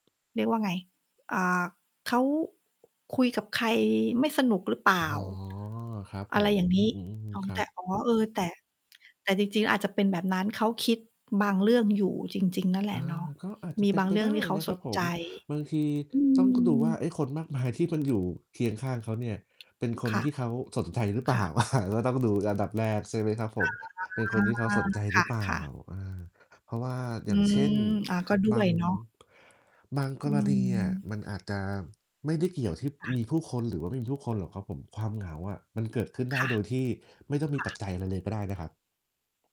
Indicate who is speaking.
Speaker 1: เรียกว่าไง อ่า เขาคุยกับใครไม่สนุกหรือเปล่
Speaker 2: อ๋อ
Speaker 1: า
Speaker 2: ครับ
Speaker 1: อ
Speaker 2: ผ
Speaker 1: ะไร อ
Speaker 2: ม
Speaker 1: ย่างน
Speaker 2: อื
Speaker 1: ี้
Speaker 2: ม
Speaker 1: อ๋อ
Speaker 2: ๆ ๆ คร
Speaker 1: แ
Speaker 2: ั
Speaker 1: ต่
Speaker 2: บ
Speaker 1: อ๋อ เออ แต่ แต่จริง ๆ อาจจะเป็นแบบนั้น เขาคิดบางเรื่องอยู่จริง ๆ นั่นแหล
Speaker 2: อ
Speaker 1: ะ
Speaker 2: า
Speaker 1: เนาะ
Speaker 2: ก็อาจจ
Speaker 1: ม
Speaker 2: ะ
Speaker 1: ี
Speaker 2: เป็
Speaker 1: บ
Speaker 2: น
Speaker 1: าง
Speaker 2: ไป
Speaker 1: เรื่
Speaker 2: ไ
Speaker 1: อ
Speaker 2: ด
Speaker 1: ง
Speaker 2: ้
Speaker 1: ที่เขา
Speaker 2: นะค
Speaker 1: ส
Speaker 2: รับ
Speaker 1: น
Speaker 2: ผ
Speaker 1: ใจ
Speaker 2: ม บางที
Speaker 1: อื
Speaker 2: ต้องดูว่าไอ
Speaker 1: ม
Speaker 2: ้คนมากมายที่มันอยู่เคียงข้างเขาเนี่ย เป็นค
Speaker 1: ค
Speaker 2: น
Speaker 1: ่ะ
Speaker 2: ที่เขาสนใจหรือเป
Speaker 1: ค
Speaker 2: ล่
Speaker 1: ่
Speaker 2: า
Speaker 1: ะ
Speaker 2: ก็ต้องดูอันดับแรก ใช่ไหมครับผ
Speaker 1: อ
Speaker 2: ม
Speaker 1: า
Speaker 2: เป็นคนที่เขาสนใจ
Speaker 1: ค
Speaker 2: หรือเปล่า
Speaker 1: ่ะ ๆ
Speaker 2: เออ เพราะว่า
Speaker 1: อ
Speaker 2: อ
Speaker 1: ื
Speaker 2: ย่างเช
Speaker 1: ม
Speaker 2: ่น
Speaker 1: อา ก็ด้
Speaker 2: บ
Speaker 1: ว
Speaker 2: า
Speaker 1: ย
Speaker 2: ง
Speaker 1: เนาะ
Speaker 2: บางก
Speaker 1: อื
Speaker 2: รณีเนี่ย
Speaker 1: ม
Speaker 2: มันอาจจะไม่ได้เกี่ยวที่
Speaker 1: ค่ะ
Speaker 2: มีผู้คนหรือว่าไม่มีผู้คนหรอกครับผม ความเหงาอะมันเกิดขึ้นได
Speaker 1: ค
Speaker 2: ้
Speaker 1: ่ะ
Speaker 2: โดยที่ไม่ต้องมี
Speaker 1: ค่
Speaker 2: ปัจ
Speaker 1: ะ
Speaker 2: จัยอะไรเลย ก็ได้นะครับ